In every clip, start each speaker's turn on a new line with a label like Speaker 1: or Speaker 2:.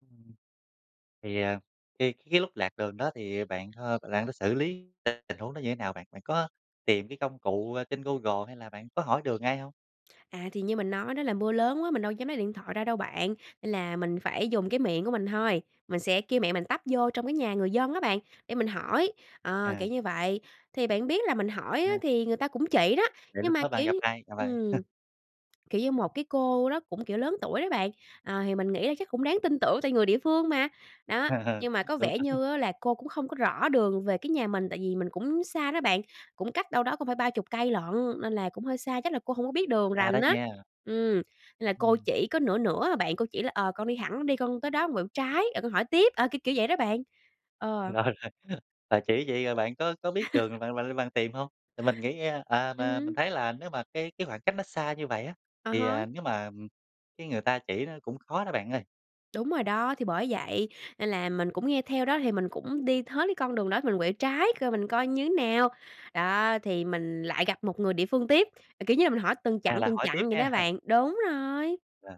Speaker 1: Ừm. Thì, à, cái cái lúc lạc đường đó thì bạn, ơ, bạn có xử lý t tình huống đó như thế nào bạn? Bạn có tìm cái công cụ, a, trên Google, hay là bạn có hỏi đường ai hông?
Speaker 2: À, thì như mình nói đó, là mưa lớn quá, mình đâu dám lấy điện thoại ra đâu bạn, nên là mình phải dùng cái miệng của mình thôi, mình sẽ kêu mẹ mình tấp vô trong cái nhà người dân á bạn, để mình hỏi, ờ,
Speaker 1: À.
Speaker 2: kiểu như vậy. Thì bạn biết là mình hỏi á,
Speaker 1: À.
Speaker 2: thì người ta cũng chỉ đó,
Speaker 1: Vậy
Speaker 2: nhưng
Speaker 1: lúc
Speaker 2: mà,
Speaker 1: đó bạn
Speaker 2: kiểu
Speaker 1: gặp
Speaker 2: như
Speaker 1: ai? Gặp ai?
Speaker 2: ừm, kiểu như, một cái cô đó cũng, kiểu, lớn tuổi đó bạn, ờ, thì mình nghĩ là chắc cũng đáng tin tưởng tại người địa phương mà, đó. Nhưng mà có
Speaker 1: Đúng,
Speaker 2: vẻ
Speaker 1: đúng.
Speaker 2: như á là cô cũng không có rõ đường về cái nhà mình, tại vì mình cũng xa đó bạn, cũng cách đâu đó cũng phải 30 cây lận, nên là cũng hơi xa, chắc là cô hổng có biết đường
Speaker 1: Xa đó
Speaker 2: rành á.
Speaker 1: nha.
Speaker 2: Ừm, là cô
Speaker 1: Ừm.
Speaker 2: chỉ có nửa nửa à bạn, cô chỉ là "Ờ, con đi thẳng đi, con tới đó con quẹo trái, rồi con hỏi tiếp", ờ, kiểu kiểu vậy đó bạn, ờ.
Speaker 1: Rồi, rồi, bà chỉ vậy rồi bạn có có biết đường bạn bạn bạn tìm hông? Tại mình nghĩ nghe à,
Speaker 2: Ừm
Speaker 1: mà mình
Speaker 2: hứm.
Speaker 1: thấy là nếu mà cái cái khoảng cách nó xa như vậy á,
Speaker 2: À
Speaker 1: thì, à,
Speaker 2: há.
Speaker 1: nếu mà, ừm, cái người ta chỉ nó cũng khó đó bạn ơi.
Speaker 2: Đúng rồi đó, thì bởi vậy nên là mình cũng nghe theo đó, thì mình cũng đi hết cái con đường đó, mình quẹo trái coi mình coi như nào, đó. Thì mình lại gặp một người địa phương tiếp, à, kiểu như là, mình hỏi từng
Speaker 1: À,
Speaker 2: chặng,
Speaker 1: là
Speaker 2: từng
Speaker 1: hỏi
Speaker 2: chặng
Speaker 1: tiếp
Speaker 2: vậy
Speaker 1: ha.
Speaker 2: đó bạn. Đúng rồi.
Speaker 1: Ờ.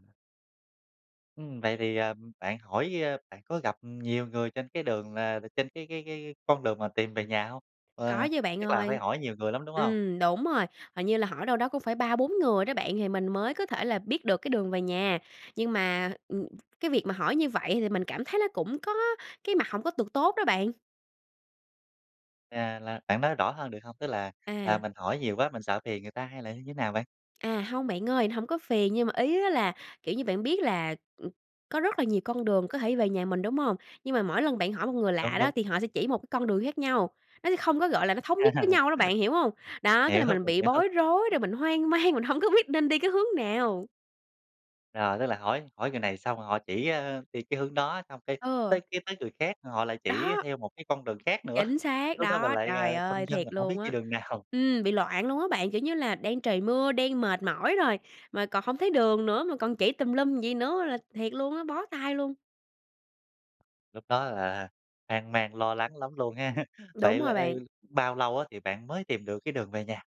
Speaker 1: Ừm, vậy thì, à, bạn hỏi, a bạn có gặp, ừm, nhiều người trên cái đường là trên cái cái cái con đường mà tìm về nhà hông? Ờ,
Speaker 2: Có chứ bạn
Speaker 1: chắc là phải
Speaker 2: ơi.
Speaker 1: hỏi nhiều người lắm, đúng hông?
Speaker 2: Ừm, đúng rồi, hình như là hỏi đâu đó cũng phải 3, 4 người đó bạn, thì mình mới có thể là biết được cái đường về nhà. Nhưng mà, ừm, cái việc mà hỏi như vậy thì mình cảm thấy nó cũng có cái mặt hổng có được tốt đó bạn.
Speaker 1: À, là bạn nói rõ hơn được hông? Tức là, à,
Speaker 2: À.
Speaker 1: mình hỏi nhiều quá, mình sợ phiền người ta hay là như thế nào bạn?
Speaker 2: À, hông bạn ơi, nó hổng có phiền nhưng mà ý á là, kiểu như, bạn biết là, ừm, có rất là nhiều con đường có thể về nhà mình, đúng hông? Nhưng mà mỗi lần bạn hỏi một người lạ
Speaker 1: Đúng,
Speaker 2: đó,
Speaker 1: đúng.
Speaker 2: thì họ sẽ chỉ một cái con đường khác nhau, nó sẽ không có gọi là nó thống nhất với nhau đó, bạn hiểu hông? Đó, cái
Speaker 1: Hiểu,
Speaker 2: là mình
Speaker 1: mình
Speaker 2: bị
Speaker 1: hiểu.
Speaker 2: bối rối, rồi mình hoang mang, mình hông có biết nên đi cái hướng nào.
Speaker 1: Rồi, tức là hỏi hỏi người này xong rồi họ chỉ, ơ, đi cái hướng đó, xong cái tới
Speaker 2: Ừ.
Speaker 1: cái tới người khác họ lại chỉ
Speaker 2: Đó.
Speaker 1: theo một cái con đường khác nữa,
Speaker 2: Chính xác
Speaker 1: lúc đó mình
Speaker 2: đó,
Speaker 1: lại, à,
Speaker 2: trời
Speaker 1: phân
Speaker 2: ơi!
Speaker 1: vân
Speaker 2: Thiệt
Speaker 1: là hổng biết
Speaker 2: luôn
Speaker 1: đi
Speaker 2: á.
Speaker 1: đường nào.
Speaker 2: Ừm, bị loạn luôn á bạn. Kiểu như là, đang trời mưa, đang mệt mỏi rồi, mà còn hông thấy đường nữa, mà còn chỉ tùm lum vậy nữa là thiệt luôn á, bó tay luôn.
Speaker 1: Lúc đó là hoang mang, lo lắng lắm luôn ha.
Speaker 2: Đúng
Speaker 1: Vậy là,
Speaker 2: rồi
Speaker 1: ờ,
Speaker 2: bạn.
Speaker 1: bao lâu á, thì bạn mới tìm được cái đường về nhà?